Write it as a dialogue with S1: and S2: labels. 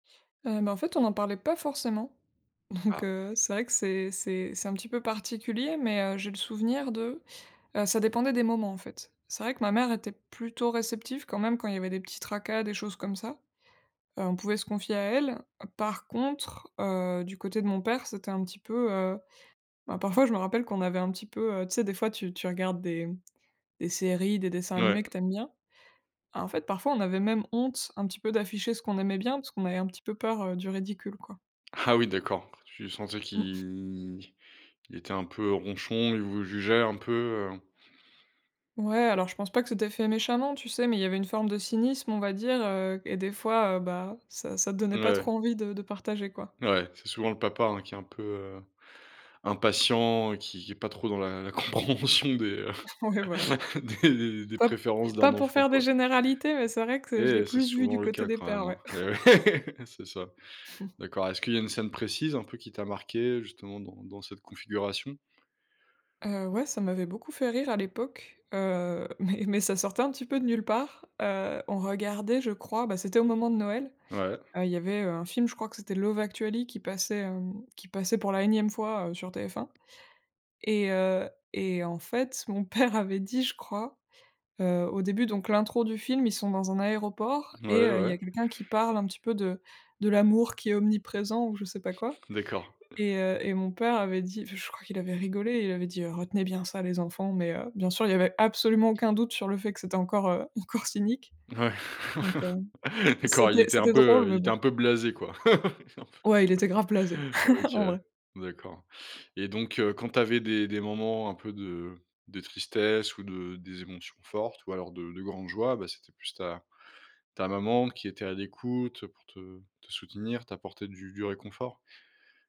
S1: Heu, bah, en fait on n'en parlait pas forcément. Donc,
S2: Ah.
S1: heu, c'est vrai que c'est c'est c'est un petit peu particulier, mais, heu, j'ai le souvenir de, heu, ça dépendait des moments en fait. C'est vrai que ma mère était plutôt réceptive quand même quand il y avait des petits tracas, des choses comme ça. Heu, on pouvait se confier à elle. Par contre, heu, du côté de mon père, c'était un petit peu, heu, bah, parfois je me rappelle qu'on avait un petit peu, heu, tu sais? Des fois tu tu regardes des des séries, des dessins
S2: Mouais.
S1: animés que tu aimes bien. En fait, parfois on avait même honte un petit peu d'afficher ce qu'on aimait bien, parce qu'on avait un petit peu peur, heu, du ridicule quoi.
S2: Ah! Oui d'accord, tu sentais
S1: Mmh.
S2: qu'il, qu'il était un peu ronchon, il vous jugeait un peu? Heu
S1: Ouais, alors je pense pas que c'était fait méchamment tu sais? Mais il y avait une forme de cynisme on va dire, heu, et des fois, heu, bah, ça ça donnait
S2: Mouais
S1: pas
S2: ouais.
S1: trop envie de de partager, quoi.
S2: Mouais, c'est souvent le papa, hein, qui est un peu, heu, impatient, qui qui est pas trop dans la la compréhension des, heu,
S1: Ouais, voilà.
S2: des des des
S1: Pas
S2: préférences
S1: pas
S2: d'un
S1: pour
S2: enfant,
S1: faire des
S2: quoi.
S1: généralités, mais c'est vrai que c'est je l'ai
S2: Et c'est
S1: plus vu du
S2: souvent le
S1: côté
S2: cas
S1: des
S2: quand
S1: pères,
S2: même, hein.
S1: ouais.
S2: Et ouais! C'est ça. D'accord, est-ce qu'il y a une scène précise un peu qui t'a marquée justement dans dans cette configuration?
S1: Heu, ouais ça m'avait beaucoup fait rire à l'époque, heu, mais mais ça sortait un petit peu de nulle part. Heu, on regardait je crois, bah, c'était au moment de Noël.
S2: Ouais.
S1: Heu, il y avait, heu, un film je crois que c'était Love Actually qui passait, hem, qui passait pour la énième fois, heu, sur TF1. Et, heu et en fait mon père avait dit, je crois, heu, au début donc l'intro du film, ils sont dans un aéroport et,
S2: Mouais,
S1: heu, il y
S2: ouais.
S1: a quelqu'un qui parle un petit peu de de l'amour qui est omniprésent ou je sais pas quoi,
S2: D'accord.
S1: et heu, et mon père avait dit enfin je crois qu'il avait rigolé, il avait dit, heu: «Retenez bien ça les enfants!», mais heu, bien sûr il y avait absolument aucun doute sur le fait que c'était encore heu, encore cynique.
S2: Ouais.
S1: Donc heu,
S2: D'accord, il
S1: c'était
S2: était un
S1: c'était drôle,
S2: peu, heu il
S1: mais
S2: était
S1: bon.
S2: un peu blasé, quoi. Un peu
S1: Ouais, il était grave blasé.
S2: OK
S1: En
S2: ouais.
S1: vrai.
S2: D'accord et donc, heu, quand tu avais des des moments un peu de de tristesse ou de des émotions fortes ou alors de de grande joie, bah, c'était plus ta ta maman qui était à l'écoute pour te te soutenir, t'apporter du du réconfort?